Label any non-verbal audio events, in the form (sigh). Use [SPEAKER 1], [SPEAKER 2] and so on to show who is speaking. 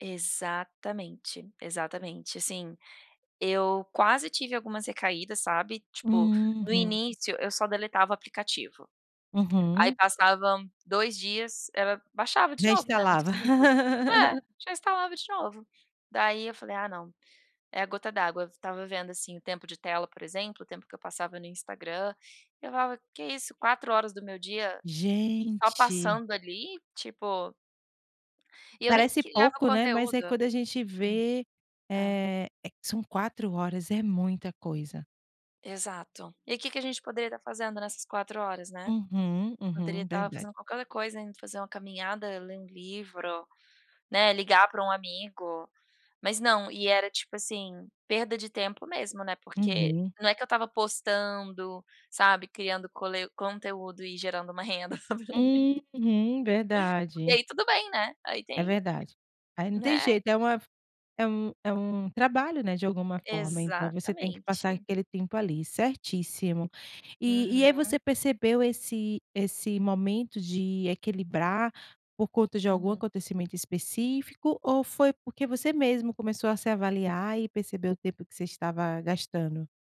[SPEAKER 1] Exatamente, exatamente, assim, eu quase tive algumas recaídas, sabe, tipo no
[SPEAKER 2] Uhum.
[SPEAKER 1] início eu só deletava aplicativo, aí
[SPEAKER 2] Uhum.
[SPEAKER 1] passavam 2 dias, ela baixava de
[SPEAKER 2] Já
[SPEAKER 1] novo, né, muito
[SPEAKER 2] instalava?
[SPEAKER 1] simples. É,
[SPEAKER 2] (laughs)
[SPEAKER 1] já instalava de novo, daí eu falei, ah não, é a gota d'água, f tava vendo, assim, o tempo de tela por exemplo, o tempo que eu passava no Instagram, eu falava, que isso? 4 horas do meu dia, só
[SPEAKER 2] Gente.
[SPEAKER 1] passando ali tipo e eu nem
[SPEAKER 2] Parece
[SPEAKER 1] criava
[SPEAKER 2] pouco, né, mas é
[SPEAKER 1] conteúdo,
[SPEAKER 2] quando a gente
[SPEAKER 1] hum,
[SPEAKER 2] vê,
[SPEAKER 1] ah.
[SPEAKER 2] eh eh, são 4 horas, é muita coisa.
[SPEAKER 1] Exato, e que que a gente poderia tá fazendo nessas 4 horas, né,
[SPEAKER 2] Uhum,
[SPEAKER 1] poderia
[SPEAKER 2] uhum,
[SPEAKER 1] tá
[SPEAKER 2] verdade.
[SPEAKER 1] fazendo qualquer outra coisa, indo fazer uma caminhada, ler um livro, né, ligar pra um amigo, mas não, e era tipo assim, perda de tempo mesmo, né, porque
[SPEAKER 2] Uhum.
[SPEAKER 1] não é que eu tava postando, sabe, criando cole conteúdo e gerando uma renda. (laughs)
[SPEAKER 2] Uhum,
[SPEAKER 1] E
[SPEAKER 2] verdade.
[SPEAKER 1] aí tudo bem né, aí
[SPEAKER 2] É
[SPEAKER 1] tem
[SPEAKER 2] verdade, aí não tem
[SPEAKER 1] né.
[SPEAKER 2] jeito é uma f é um é um trabalho, né, de alguma forma, então você tem que passar
[SPEAKER 1] Exatamente.
[SPEAKER 2] aquele tempo ali, certíssimo. E e aí
[SPEAKER 1] Uhum.
[SPEAKER 2] você percebeu esse esse momento de equilibrar por conta de algum
[SPEAKER 1] Uhum.
[SPEAKER 2] acontecimento específico, ou foi porque você mesmo começou a se avaliar e percebeu o tempo que você estava gastando?